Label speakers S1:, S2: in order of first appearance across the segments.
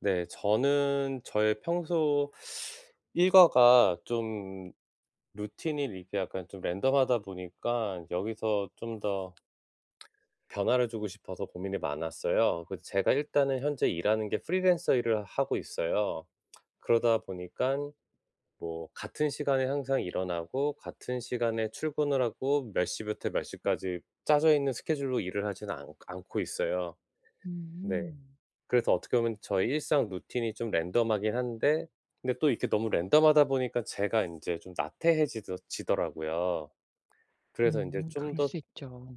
S1: 네. 저는 저의 평소 일과가 좀 루틴이 이렇게 약간 좀 랜덤하다 보니까 여기서 좀 더 변화를 주고 싶어서 고민이 많았어요. 그래서 제가 일단은 현재 일하는 게 프리랜서 일을 하고 있어요. 그러다 보니깐 뭐 같은 시간에 항상 일어나고, 같은 시간에 출근을 하고, 몇 시부터 몇 시까지 짜져 있는 스케줄로 일을 하지는 않 않고 있어요. 네.
S2: 음.
S1: 그래서 어떻게 보면 저의 일상 루틴이 좀 랜덤하긴 한데 근데 또 이렇게 너무 랜덤하다 보니까 제가 인제 좀 나태해 지더 지더라고요. 그래서 인제
S2: 음.
S1: 좀
S2: 그럴
S1: 더
S2: 수 있죠.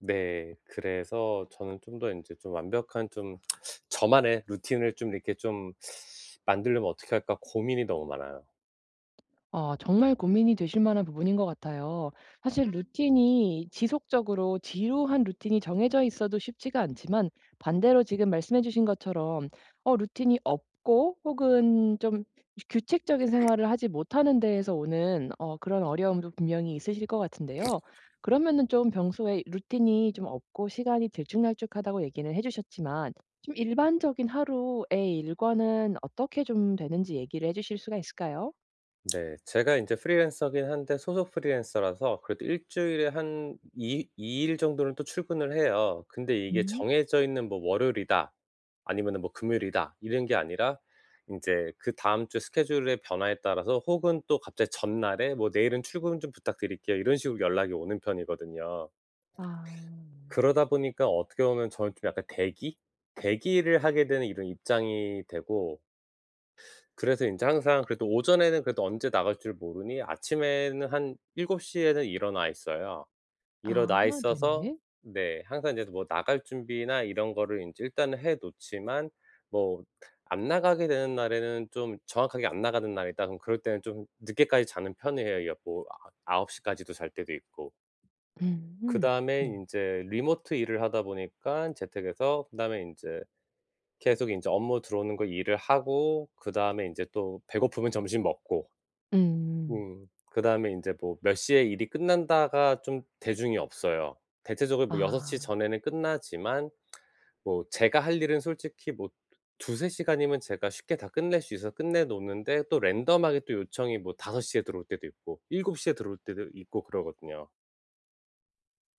S1: 네. 그래서 저는 좀 더 인제 좀 완벽한 좀 저만의 루틴을 좀 이렇게 좀 만들려면 어떻게 할까 고민이 너무 많아요.
S2: 어. 정말 고민이 되실 만한 부분인 것 같아요. 사실 루틴이 지속적으로 지루한 루틴이 정해져 있어도 쉽지가 않지만 반대로 지금 말씀해 주신 것처럼 어 루틴이 없고 혹은 좀 이 규칙적인 생활을 하지 못하는 데에서 오는 어 그런 어려움도 분명히 있으실 것 같은데요. 그러면은 좀 평소에 이 "루틴이 좀 없고 시간이 들쭉날쭉하다."고 얘기는 해 주셨지만 좀 일반적인 하루의 일과는 어떻게 좀 되는지 얘기를 해 주실 수가 있을까요?
S1: 네 제가 인제 프리랜서긴 한데 소속 프리랜서라서 그래도 일주일에 한 이 이 일 정도는 또 출근을 해요. 근데 이게
S2: 음.
S1: 정해져 있는 뭐 월요일이다 아니면은 뭐 금요일이다 이런 게 아니라 인제 그다음 주 스케줄의 변화에 따라서 혹은 또 갑자기 전날에 뭐 "내일은 출근 좀 부탁드릴게요." 이런 식으로 연락이 오는 편이거든요.
S2: 아.
S1: 그러다 보니까 어떻게 보면 저는 좀 약간 대기? 대기를 하게 되는 이런 입장이 되고 그래서 인제 항상 그래도 오전에는 그래도 언제 나갈 줄 모르니 아침에는 한 7:00 에는 일어나 있어요.
S2: 아
S1: 일어나 있어서
S2: 네.
S1: 네. 항상 인제 뭐 나갈 준비나 이런 거를 인제 일단은 해 놓지만 뭐 안 나가게 되는 날에는 좀 정확하게 "안 나가는 날이다." 그러면 그럴 때는 좀 늦게까지 자는 편이에요. 여 뭐 아 아홉 시까지도 잘 때도 있고.
S2: 음
S1: 그다음에
S2: 네.
S1: 인제 리모트 일을 하다 보니깐 재택에서 그다음에 인제 계속 인제 업무 들어오는 거 일을 하고 그다음에 인제 또 배고프면 점심 먹고.
S2: 음.
S1: 음 그다음에 인제 뭐 몇 시에 일이 끝난다가 좀 대중이 없어요. 대체적으로 뭐 6:00
S2: 아.
S1: 전에는 끝나지만 뭐 제가 할 일은 솔직히 뭐 두 두세 시간이면 제가 쉽게 다 끝낼 수 있어서 끝내 놓는데 또 랜덤하게 또 요청이 뭐 5:00 에 들어올 때도 있고 7:00 에 들어올 때도 있고 그러거든요.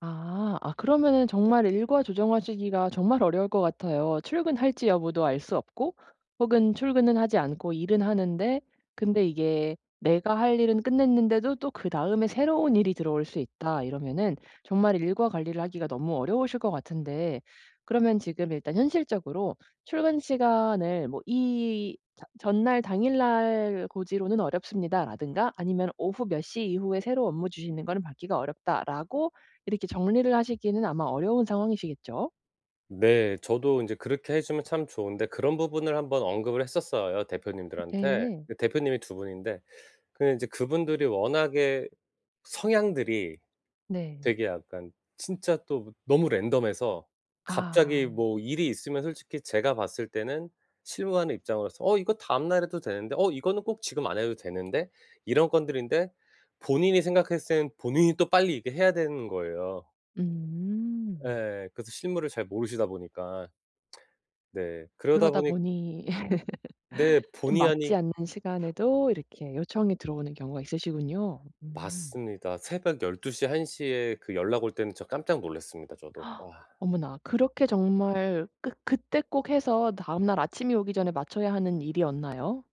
S2: 아. 아 그러면은 정말 일과 조정하시기가 정말 어려울 것 같아요. 출근할지 여부도 알 수 없고 혹은 출근은 하지 않고 일은 하는데 근데 이게 내가 할 일은 끝냈는데도 또 그다음에 "새로운 일이 들어올 수 있다." 이러면은 정말 일과 관리를 하기가 너무 어려우실 것 같은데 그러면 지금 일단 현실적으로 출근 시간을 뭐 이 저 "전날, 당일 날 고지로는 어렵습니다."라든가 아니면 "오후 몇 시 이후에 새로 업무 주시는 거는 받기가 어렵다."라고 이렇게 정리를 하시기는 아마 어려운 상황이시겠죠?
S1: 네. 저도 인제 그렇게 해 주면 참 좋은데 그런 부분을 한번 언급을 했었어요 대표님들한테.
S2: 네.
S1: 그 대표님이 2 분인데 그 인제 그분들이 워낙에 성향들이
S2: 네.
S1: 되게 약간 진짜 또 너무 랜덤해서
S2: 아.
S1: 갑자기 뭐 일이 있으면 솔직히 제가 봤을 때는 실무 하는 입장으로서 "어 이거 다음 날 해도 되는데. 어 이거는 꼭 지금 안 해도 되는데." 이런 건들인데 본인이 생각했을 때는 본인이 또 빨리 이렇게 해야 되는 거예요.
S2: 음.
S1: 예. 그래서 실무를 잘 모르시다 보니까. 네. 그러다
S2: 그러다
S1: 보니
S2: 보니
S1: 네.
S2: 좀
S1: 본의
S2: 맞지
S1: 아니
S2: 않는 시간에도 이렇게 요청이 들어오는 경우가 있으시군요. 음
S1: 맞습니다. 새벽 12:00 1:00 에 그 연락 올 때는 저 깜짝 놀랐습니다 저도. 와.
S2: 어머나. 그렇게 정말 꼭 그때 꼭 해서 다음 날 아침이 오기 전에 맞춰야 하는 일이었나요?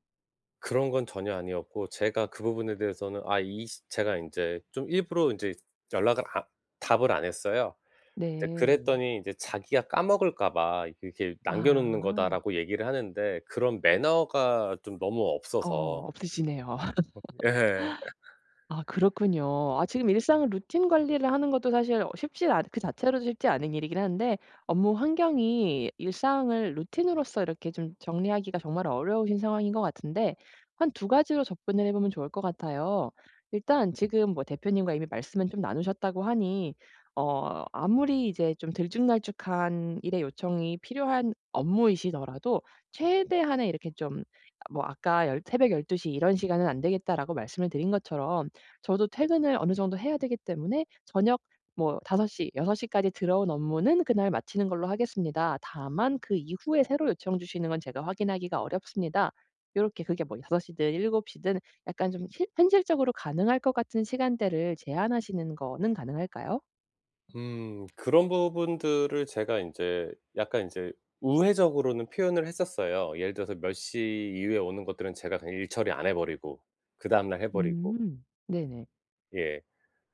S1: 그런 건 전혀 아니었고 제가 그 부분에 대해서는 아 이 시 제가 인제 좀 일부러 인제 연락을 안 답을 안 했어요. 이제
S2: 네.
S1: 그랬더니 인제 자기가 "까먹을까 봐 이렇게 남겨 놓는
S2: 아.
S1: 거다."라고 얘기를 하는데 그런 매너가 좀 너무 없어서
S2: 어 없으시네요.
S1: 어 예.
S2: 아 그렇군요. 아 지금 일상을 루틴 관리를 하는 것도 사실 어 쉽지 않은 그 자체로도 쉽지 않은 일이긴 한데 업무 환경이 일상을 루틴으로서 이렇게 좀 정리하기가 정말 어려우신 상황인 것 같은데 한 2 가지로 접근을 해보면 좋을 것 같아요. 일단 지금 뭐 대표님과 이미 말씀은 좀 나누셨다고 하니 어 아무리 이제 좀 들쭉날쭉한 일의 요청이 필요한 업무이시더라도 최대한의 이렇게 좀 뭐 아까 열 "새벽 12 시 이런 시간은 안 되겠다."라고 말씀을 드린 것처럼 "저도 퇴근을 어느 정도 해야 되기 때문에 저녁 뭐 5 시, 6 시까지 들어온 업무는 그날 마치는 걸로 하겠습니다. 다만 그 이후에 새로 요청 주시는 건 제가 확인하기가 어렵습니다." 요렇게 그게 뭐 이 5 시든 7 시든 약간 좀 히 현실적으로 가능할 것 같은 시간대를 제안하시는 거는 가능할까요?
S1: 음. 그런 부분들을 제가 인제 약간 인제 우회적으로는 표현을 했었어요. 예를 들어서 몇 시 이후에 오는 것들은 제가 그냥 일 처리 안 해 버리고 그다음 날 해 버리고.
S2: 음 네네.
S1: 예.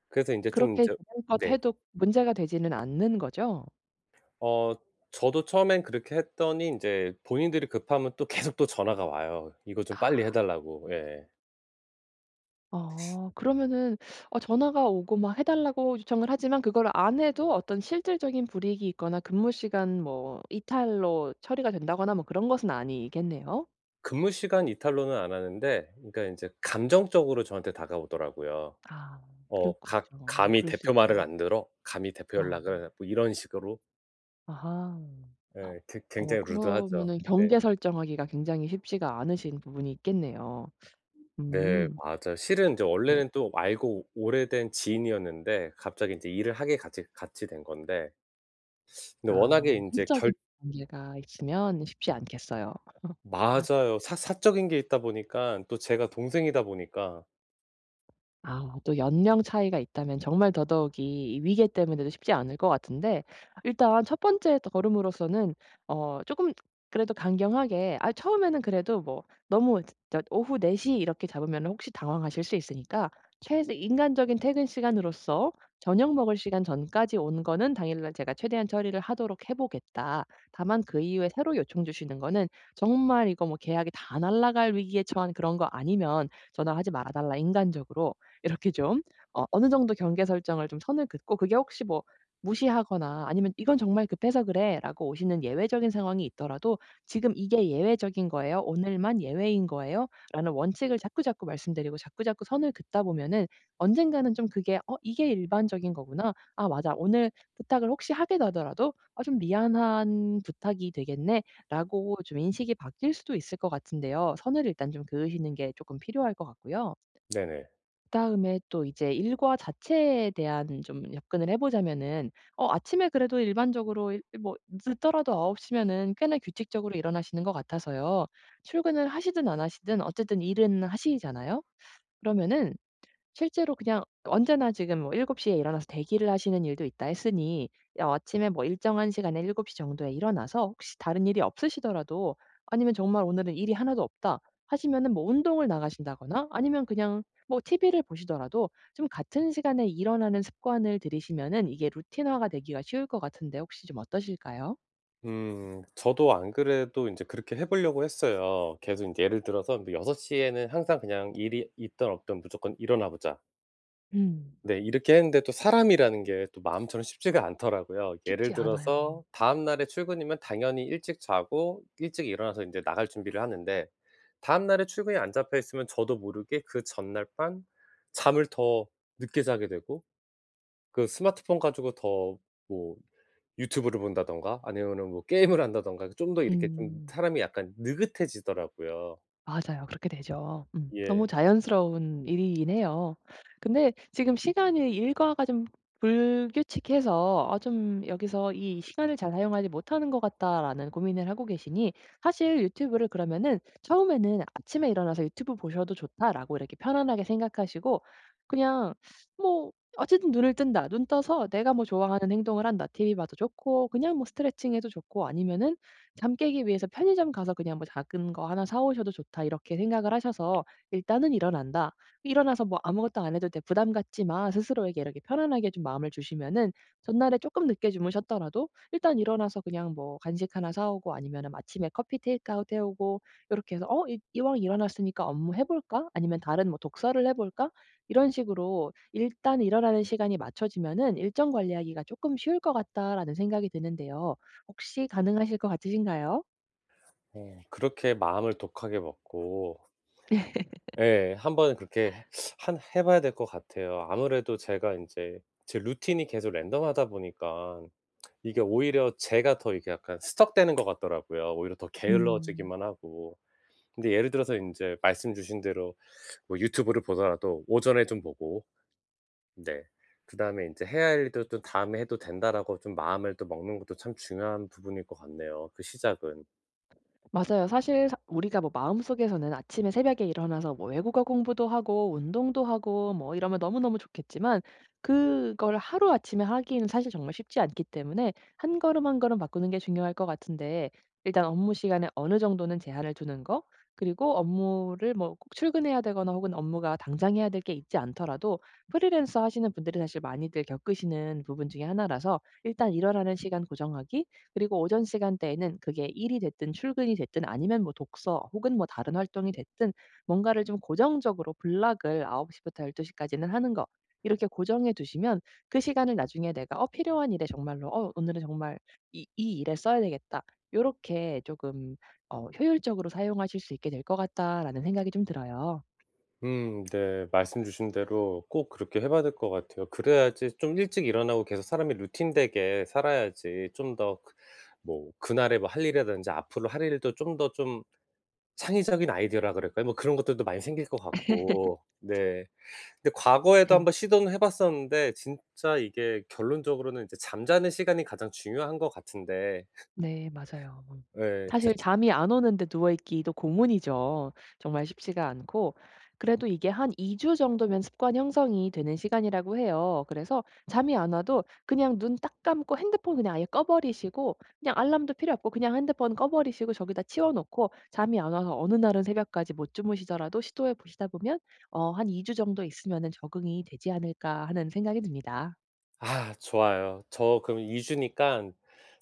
S1: 그래서 인제 좀
S2: 그렇게
S1: 저
S2: 재량껏
S1: 네.
S2: 해도 문제가 되지는 않는 거죠?
S1: 어 저도 처음엔 그렇게 했더니 인제 본인들이 급하면 또 계속 또 전화가 와요. 이거 좀 빨리 해
S2: 아.
S1: 달라고. 예.
S2: 어. 그러면은 어 전화가 오고 막 해달라고 요청을 하지만 그거를 안 해도 어떤 실질적인 불이익이 있거나 근무시간 뭐 이탈로 처리가 된다거나 뭐 그런 것은 아니겠네요?
S1: 근무시간 이탈로는 안 하는데 그니까 인제 감정적으로 저한테 다가오더라고요.
S2: 아
S1: 어 가
S2: 그렇군요.
S1: "감히
S2: 그럴 수
S1: 대표 말을
S2: 있죠.
S1: 안 들어 감히 대표
S2: 아.
S1: 연락을" 뭐 이런 식으로.
S2: 아하.
S1: 예. 괴
S2: 어
S1: 굉장히 루드하죠.
S2: 그러면은
S1: 네.
S2: 경계 설정하기가 굉장히 쉽지가 않으신 부분이 있겠네요.
S1: 네
S2: 음.
S1: 맞아요. 실은 저
S2: 네.
S1: 원래는 또 알고 오래된 지인이었는데 갑자기 인제 일을 하게 같이 같이 된 건데 네 워낙에
S2: 아.
S1: 인제 결
S2: 사적인 관계가 있으면 쉽지 않겠어요.
S1: 맞아요. 사 사적인 게 있다 보니깐 또 제가 동생이다 보니까
S2: 아 또 연령 차이가 있다면 정말 더더욱이 이 위계 때문에도 쉽지 않을 것 같은데 일단 1 번째 더 걸음으로서는 어 조금 그래도 강경하게 아 처음에는 그래도 뭐 너무 저 오후 4:00 이렇게 잡으면은 혹시 당황하실 수 있으니까 최대 인간적인 퇴근시간으로서 저녁 먹을 시간 전까지 온 거는 당일날 제가 최대한 처리를 하도록 해 보겠다. 다만 그 이후에 새로 요청 주시는 거는 정말 이거 뭐 계약이 다 날라갈 위기에 처한 그런 거 아니면 전화하지 말아 달라 인간적으로. 이렇게 좀 어 어느 정도 경계 설정을 좀 선을 긋고 그게 혹시 뭐 무시하거나 아니면 "이건 정말 급해서 그래."라고 오시는 예외적인 상황이 있더라도 "지금 이게 예외적인 거예요. 오늘만 예외인 거예요." 라는 원칙을 자꾸자꾸 말씀드리고 자꾸자꾸 선을 긋다 보면은 언젠가는 좀 그게 '어 이게 일반적인 거구나. 아 맞아.' 오늘 부탁을 혹시 하게 되더라도 어 '좀 미안한 부탁이 되겠네.'라고 좀 인식이 바뀔 수도 있을 것 같은데요. 선을 일단 좀 그으시는 게 쪼끔 필요할 것 같고요.
S1: 네네.
S2: 그다음에 또 이제 일과 자체에 대한 좀 접근을 해 보자면은 어 아침에 그래도 일반적으로 이 뭐 늦더라도 9:00 면은 꽤나 규칙적으로 일어나시는 것 같아서요. 출근을 하시든 안 하시든 어쨌든 일은 하시잖아요? 그러면은 실제로 그냥 언제나 지금 뭐 7:00 에 일어나서 대기를 하시는 일도 있다 했으니 어 아침에 뭐 일정한 시간에 7:00 정도에 일어나서 혹시 다른 일이 없으시더라도 아니면 정말 "오늘은 일이 하나도 없다." 하시면은 뭐 운동을 나가신다거나 아니면 그냥 뭐 티브이를 보시더라도 좀 같은 시간에 일어나는 습관을 들이시면은 이게 루틴화가 되기가 쉬울 것 같은데 혹시 좀 어떠실까요?
S1: 음. 저도 안 그래도 인제 그렇게 해보려고 했어요. 계속 인제 예를 들어서 뭐 6:00 에는 항상 그냥 일이 있든 없든 무조건 일어나 보자.
S2: 음.
S1: 네. 이렇게 했는데 또 사람이라는 게 또 마음처럼 쉽지가 않더라고요. 예를
S2: 쉽지 않아요.
S1: 들어서 다음날에 출근이면 당연히 일찍 자고 일찍 일어나서 인제 나갈 준비를 하는데 다음날에 출근이 안 잡혀 있으면 저도 모르게 그 전날 밤 잠을 더 늦게 자게 되고 그 스마트폰 가지고 더 뭐 유튜브를 본다든가 아니면은 뭐 게임을 한다든가 좀 더 이렇게 좀
S2: 음.
S1: 사람이 약간 느긋해지더라고요.
S2: 맞아요. 그렇게 되죠. 음. 너무
S1: 예.
S2: 자연스러운 일이긴 해요. 근데 지금 시간이 일과가 좀 불규칙해서 '아 좀 여기서 이 시간을 잘 사용하지 못하는 것 같다.'라는 고민을 하고 계시니 사실 유튜브를 그러면은 처음에는 '아침에 일어나서 유튜브 보셔도 좋다.'라고 이렇게 편안하게 생각하시고 그냥 뭐 어쨌든 '눈을 뜬다. 눈 떠서 내가 뭐 좋아하는 행동을 한다. TV 봐도 좋고 그냥 뭐 스트레칭 해도 좋고 아니면은 잠 깨기 위해서 편의점 가서 그냥 뭐 작은 거 하나 사 오셔도 좋다.' 이렇게 생각을 하셔서 '일단은 일어난다. 일어나서 뭐 아무것도 안 해도 돼. 부담 갖지 마.' 스스로에게 이렇게 편안하게 좀 마음을 주시면은 전날에 쪼끔 늦게 주무셨더라도 일단 일어나서 그냥 뭐 간식 하나 사 오고 아니면은 아침에 커피 테이크아웃 해 오고 요렇게 해서 '어 이 이왕 일어났으니까 업무 해 볼까? 아니면 다른 뭐 독서를 해 볼까?' 이런 식으로 '일단 일어나는 시간이 맞춰지면은 일정 관리하기가 쪼끔 쉬울 것 같다'라는 생각이 드는데요. 혹시 가능하실 것 같으신가요?
S1: 예 그렇게 마음을 독하게 먹고 예. 한번은 그렇게 해 한 해 봐야 될 것 같아요. 아무래도 제가 인제 제 루틴이 계속 랜덤하다 보니깐 이게 오히려 제가 더 이게 약간 스턱되는 것 같더라고요, 오히려 더
S2: 음.
S1: 게을러지기만 하고. 근데 예를 들어서 인제 말씀 주신 대로 뭐 유튜브를 보더라도 오전에 좀 보고 네 그다음에 인제 '해야 할 일도 또 다음에 해도 된다.'라고 좀 마음을 또 먹는 것도 참 중요한 부분일 것 같네요, 그 시작은.
S2: 맞아요. 사실 사 우리가 뭐 마음속에서는 아침에 새벽에 일어나서 뭐 외국어 공부도 하고 운동도 하고 뭐 이러면 너무너무 좋겠지만 그걸 하루아침에 하기에는 사실 정말 쉽지 않기 때문에 한 걸음 한 걸음 바꾸는 게 중요할 것 같은데 일단 업무 시간에 어느 정도는 제한을 두는 거 그리고 업무를 뭐 꼭 출근해야 되거나 혹은 업무가 당장 해야 될 게 있지 않더라도 프리랜서 하시는 분들이 사실 많이들 겪으시는 부분 중에 하나라서 일단 일어나는 시간 고정하기 그리고 오전 시간대에는 그게 일이 됐든 출근이 됐든 아니면 뭐 독서 혹은 뭐 다른 활동이 됐든 뭔가를 좀 고정적으로 블록을 9:00 부터 12:00 까지는 하는 거 이렇게 고정해 두시면 그 시간을 나중에 내가 어 필요한 일에 정말로 '어 오늘은 정말 이 이 일에 써야 되겠다.' 요렇게 조금 어 '효율적으로 사용하실 수 있게 될 것 같다.'라는 생각이 좀 들어요.
S1: 음 네. 말씀 주신 대로 꼭 그렇게 해 봐야 될 것 같아요. 그래야지 좀 일찍 일어나고 계속 사람이 루틴되게 살아야지 좀 더 그 뭐 그날에 뭐 할 일이라든지 앞으로 할 일도 좀 더 좀 창의적인 아이디어라 그럴까요? 뭐 그런 것들도 많이 생길 것 같고 네. 근데 과거에도
S2: 네.
S1: 한번 시도는 해 봤었는데 진짜 이게 결론적으로는 이제 잠자는 시간이 가장 중요한 것 같은데
S2: 네 맞아요 음.
S1: 예. 제가 진
S2: 사실 잠이 안 오는데 누워 있기도 고문이죠. 정말 쉽지가 않고 그래도 이게 한 2 주 정도면 습관 형성이 되는 시간이라고 해요. 그래서 잠이 안 와도 그냥 눈 딱 감고 핸드폰 그냥 아예 꺼 버리시고 그냥 알람도 필요 없고 그냥 핸드폰 꺼 버리시고 저기다 치워 놓고 잠이 안 와서 어느 날은 새벽까지 못 주무시더라도 시도해 보시다 보면 어 '한 2 주 정도 있으면은 적응이 되지 않을까?' 하는 생각이 듭니다.
S1: 아 좋아요. 저 그럼 2 주니깐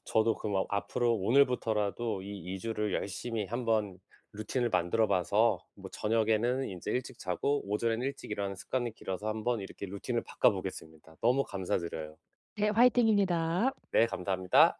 S1: 저도 그럼 아 앞으로 오늘부터라도 이 2 주를 열심히 한번 루틴을 만들어 봐서 뭐 저녁에는 인제 일찍 자고 오전에는 일찍 일어나는 습관이 길러서 한번 이렇게 루틴을 바꿔보겠습니다. 너무 감사드려요.
S2: 네 화이팅입니다.
S1: 네 감사합니다.